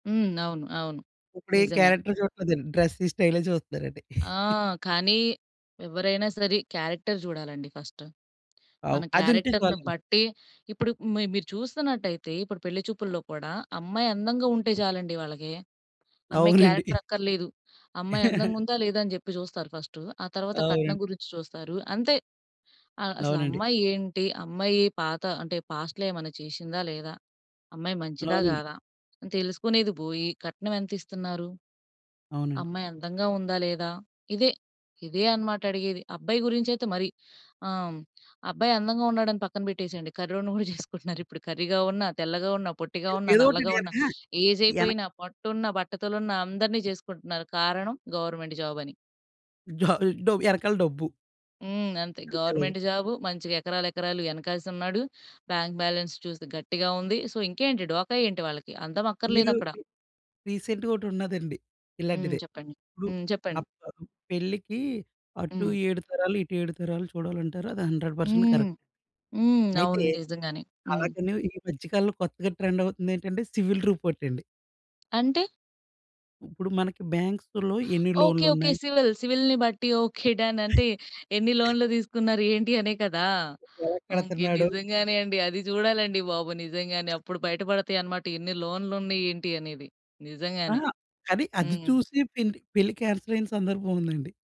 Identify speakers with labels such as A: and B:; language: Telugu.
A: హ్మ్. అవును, అవును.
B: ఇప్పుడు ఏం
A: నిజంగానే.
B: క్యారెక్టర్ చూడట్లేదు అండీ. డ్రెసింగ్ స్టైలే చూస్తున్నారండి.
A: ఆ! కానీ ఎవరైనా సరే. క్యారెక్టర్ చూడాలండి ఫర్స్ట్.
B: ఔ
A: మన
B: అది ఉంటే
A: క్యారెక్టర్‌ని
B: చాలాండి.
A: బట్టి ఇప్పుడు మి మీరు చూస్తున్నట్టయితే ఇప్పుడు పెళ్లి చూపుల్లో కూడా అమ్మాయి అందంగా ఉంటే చాలండి వాళ్ళకి. అమ్మాయి
B: అవునండి.
A: క్యారెక్టర్ అక్కర్లేదు. అమ్మాయి అందంగా ఉందా లేదా, అని చెప్పి జూస్తారు ఫర్స్ట్. ఆ తర్వాత కట్నం
B: అవునండి.
A: గురించి చూస్తారు. అంతే ఆహ్, అసలు
B: అవునండి.
A: అమ్మాయి ఏంటి? అమ్మాయి పాత అంటే పాస్ట్‌లో ఏమైనా చేశిందా లేదా? అమ్మాయి మంచిదా
B: అవునండి.
A: గాదా? అని తెలుసుకునేది బోయి, కట్నం ఎంత ఇస్తున్నారు?
B: అవునండి.
A: అమ్మాయి అందంగా ఉందా లేదా? ఇదే. ఇదే అన్నమాట అడిగేది. అబ్బాయి గురించి అయితే మరి. ఆహ్, అబ్బాయి అందంగా ఉన్నాడా అని పక్కన పెట్టేసేయండి. కర్రోడ్ని గూడా చేసుకుంటున్నారు ఇప్పుడు. కర్రీగా ఉన్న, తెల్లగా ఉన్న, పొట్టిగా
B: ఎ
A: ఉన్న,
B: ఏదో ఓటి
A: నల్లగా ఉన్న,
B: [unintelligible]
A: ఏజ్
B: ఎనక్
A: అయిపోయిన, పొట్ట ఉన్న, బట్టతల ఉన్న అందరిని చేసుకుంటున్నారు కారణం గవర్నమెంట్ జాబ్ అని.
B: డ డ ఎనకాల డబ్బు.
A: హ్మ్. అంతే
B: అంతేలెండి.
A: Government job. మంచిగా ఎకరాలు, ఎకరాలు ఎనకేసి ఉన్నాడు. బాంక్ బాలన్స్ చూస్తే గట్టిగా ఉంది. సో, ఇంకేంటి? ఢోకా ఏంటి వాళ్ళకి? అందం అక్కర్లేదు
B: మీరు
A: అక్కడ.
B: రి రీసెంట్‌గా ఒకటి ఉన్నదండి
A: హ్మ్.
B: ఇలాంటిదే.
A: చెప్పండి.
B: ఇప్పుడు
A: హ్మ్. చెప్పండి
B: అప్ పెళ్ళికి అటు
A: హ్మ్.
B: 7 తరాలు ఇటు 7 తరాలు చూడాలంటారు. అది 100%
A: హ్మ్.
B: కరెక్ట్.
A: హ్మ్,
B: అయితే
A: అవును. నిజంగానే. హ్మ్.
B: అలాగనే ఈ మధ్య కాలంలో కొత్తగా ట్రెండ్ అవుతుంది ఏంటంటే సివిల్ రిపోర్ట్ అండి.
A: అంటే?
B: ఇప్పుడు మనకి బ్యాంక్స్‌లో ఎన్ని
A: ఓకె,
B: లోన్‌లు
A: ఓకె.
B: ఉన్నాయి?
A: సివిల్ సివిల్‌ని బట్టి ఓకె. డన్. అంటే ఎన్ని లోన్‌లు తీసుకున్నారు? ఏంటి అనే కదా!
B: ఎలా
A: ఓకె.
B: కడుతున్నాడు?
A: నిజంగానే అండి. అది చూడాలండి బాబు. నిజంగానే. అప్పుడు బయట పడతాయి అన్నమాట. ఎన్ని లోన్‌లు ఉన్నాయి? ఏంటి? అనేది. నిజంగానే.
B: అహా! అది అది
A: హ్మ్.
B: చూసి పెళ్లి పెళ్లి కాన్సెల్ అయిన సందర్భం ఉందండి.